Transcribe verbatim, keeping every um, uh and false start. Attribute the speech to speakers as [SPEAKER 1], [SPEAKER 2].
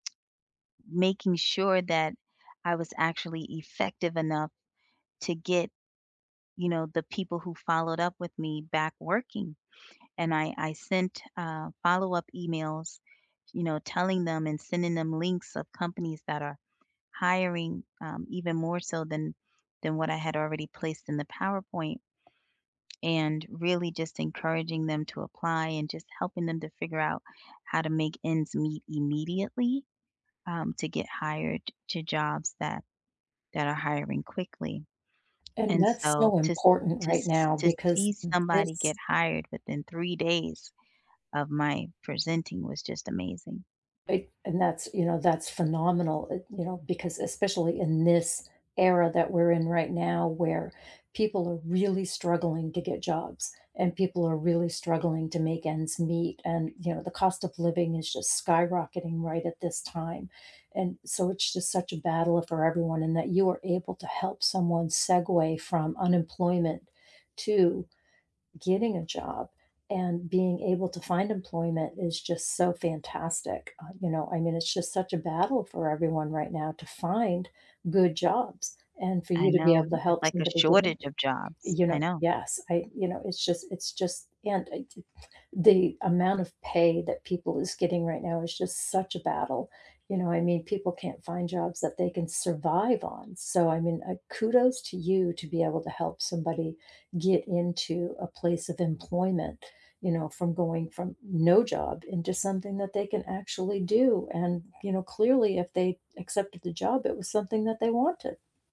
[SPEAKER 1] Making sure that I was actually effective enough to get, you know, the people who followed up with me back working, and I I sent, uh, follow-up emails, you know, telling them, and sending them links of companies that are hiring, um, even more so than than what I had already placed in the PowerPoint, and really just encouraging them to apply, and just helping them to figure out how to make ends meet immediately, um, to get hired to jobs that that are hiring quickly.
[SPEAKER 2] And
[SPEAKER 1] And
[SPEAKER 2] that's
[SPEAKER 1] so
[SPEAKER 2] so
[SPEAKER 1] to
[SPEAKER 2] important
[SPEAKER 1] to
[SPEAKER 2] right
[SPEAKER 1] se
[SPEAKER 2] now
[SPEAKER 1] to
[SPEAKER 2] because
[SPEAKER 1] see
[SPEAKER 2] in
[SPEAKER 1] somebody get
[SPEAKER 2] this
[SPEAKER 1] hired within three days of my presenting was just amazing.
[SPEAKER 2] Eh and that's you know, that's phenomenal, eh, you know, because especially in this era that we're in right now, where people are really struggling to get jobs, and people are really struggling to make ends meet, and, you know, the cost of living is just skyrocketing right at this time, and so, it's just such a battle for everyone, and that you are able to help someone segue from unemployment to getting a job, and being able to find employment is just so fantastic, uh, you know, I mean, it's just such a battle for everyone right now to find good jobs, and for
[SPEAKER 1] I
[SPEAKER 2] you to be
[SPEAKER 1] know,
[SPEAKER 2] able to
[SPEAKER 1] it's
[SPEAKER 2] help
[SPEAKER 1] like a
[SPEAKER 2] somebody get in,
[SPEAKER 1] shortage of jobs,
[SPEAKER 2] you
[SPEAKER 1] I
[SPEAKER 2] know
[SPEAKER 1] know.
[SPEAKER 2] yes, I you know, it's just it's just, and eh, j the amount of pay that people is getting right now it's just such a battle, you know, I mean, people can't find jobs that they can survive on, so, I mean, uh, kudos to you to be able to help somebody get into a place of employment, you know, from going from no job into something that they can actually do, and, you know, clearly if they accepted the job, it was something that they wanted.